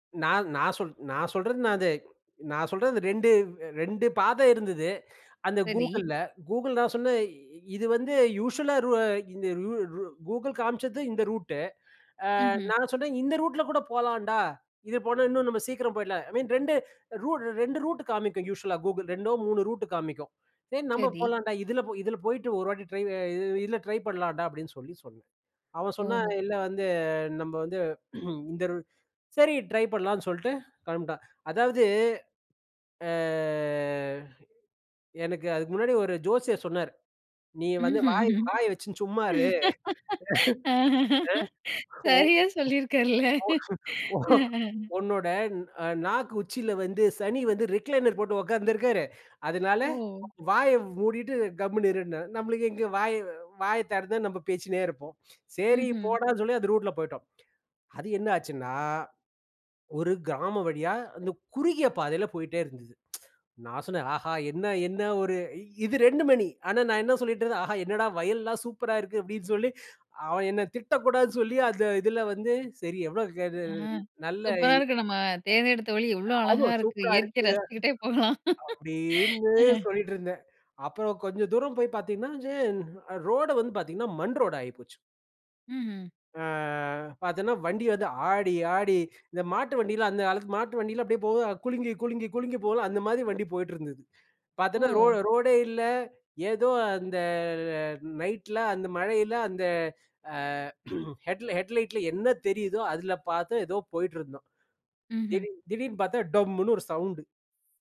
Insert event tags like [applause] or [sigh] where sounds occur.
நான் நான் சொல் நான் சொல்றது நான் அது நான் சொல்றது 2 2 பாதை இருந்தது. அந்த சரி. Googleல Google நான் சொன்னேன் இது வந்து யூசுவல்லா ருவ ரு இந்த கூ Google காம்ச்சது இந்த ரூட்டு ஆ ம்ஹ்ம். நான் சொன்னேன் இந்த ரூட்ல கூட போலான்டா, இது போனா இன்னும் நம்ம சீக்கிரம் போயிடலாம் ஐ மீன் 2 ரூட் 2 ரூட் காமிக்கும் யூசுவல்லா Google 2டோ 3 ரூட் காமிக்கும். சரி, நம்ம சரி. போலான்டா இதில இதில போயிட்டு 1 வாட்டி ட்ரை இ இதில ட்ரை பண்லான்டா அப்டின்னு சொல்லி சொன்னேன். அவன் சொன்னான் ஓஹோ! இல்ல வந்து நம்ம வந்து [clears throat] இந்த ரு சரி ட்ரை பண்லான்னு சொல்ட்டு கிளம்பிட்டான். அதாவது ஆ எனக்கு அதுக்கு முன்னாடி ஒரு ஜோசியர் சொன்னார் நீ வந்து வாய் ம்ஹ்ம், வாய வச்சுன்னு சும்மா இரு [laughs] அ. ஓ. சரியா, சொல்லி இருக்கார்ல. ஓ ஓ அ, அ. ஓன்னோட நாக்கு உச்சியில வந்து சனி வந்து ரிக்லைனர் போட்டு உட்கார்ந்திருக்காரு. அதனால ஓ! வாய மூடிட்டு கம்முனு இருன்னுனாரு. நம்மளுக்கு எங்கே வாய வாய திறந்தா நம்ம பேசின்னே இருப்போம். சரி, ம்ஹ்ம். போடான்னு சொல்லி அந்த ரூட்ல போய்ட்டோம். அது என்ன ஆச்சுன்னா, ஒரு கிராமம் வழியா அந்த குறுகிய பாதையில போயிட்டே இருந்தது. [tsk] நான் சொன்னேன் ஆஹா, என்ன என்ன ஒரு இது 2 மணி ஆனா, நான் என்ன சொல்லிட்டு இருந்தேன் ஆஹா என்னடா வயல்லலாம் சூப்பரா இருக்கு அப்டின்னு சொல்லி அவன் என்ன திட்டக்கூடாதுன்னு சொல்லி அந்த இதில வந்து சரி எவ்வளோ ஆ, [unintelligible] நல்ல சூப்பரா இன் இருக்கு. நம்ம தேடியெடுத்த வழி எவ்வளோ ஆமா, அழகா இருக்கு! சூப்பரா இயற்கையை இருக்கு. ரசிச்சுக்கிட்டே போலாம். அப்டின்னு அ. சொல்லிட்டு இருந்தேன். அப்புறம் கொஞ்சம் தூரம் போய் பார்த்தீங்கன்னா, ரே ரோடு வந்து பார்த்தீங்கன்னா மண் ரோடு ஆயி போச்சு. ம்ஹ்ம். ஆ பார்த்தேன்னா வண்டி வந்து ஆடி ஆடி இந்த மாட்டு வண்டில அந்த காலத்துல மாட்டு வண்டியில அப்டியே போகுது குலுங்கி குலுங்கி குலுங்கி போகும்ல அந்த மாரி வண்டி போயிட்டிருந்தது. பார்த்தேன்னா ரோ ஓ! ரோடே இல்ல. ஏதோ அந்த நைட்ல அந்த மழையில அந்த ஆ [clears throat] ஹெட்லைட் ஹெட்லைட்டில என்ன தெரியுதோ அதில பார்த்து ஏதோ போயிட்டிருந்தோம். ம்ஹ்ம். திடீர் திடீர்னு பார்த்தா டோம்முனு ஒரு சவுண்டு.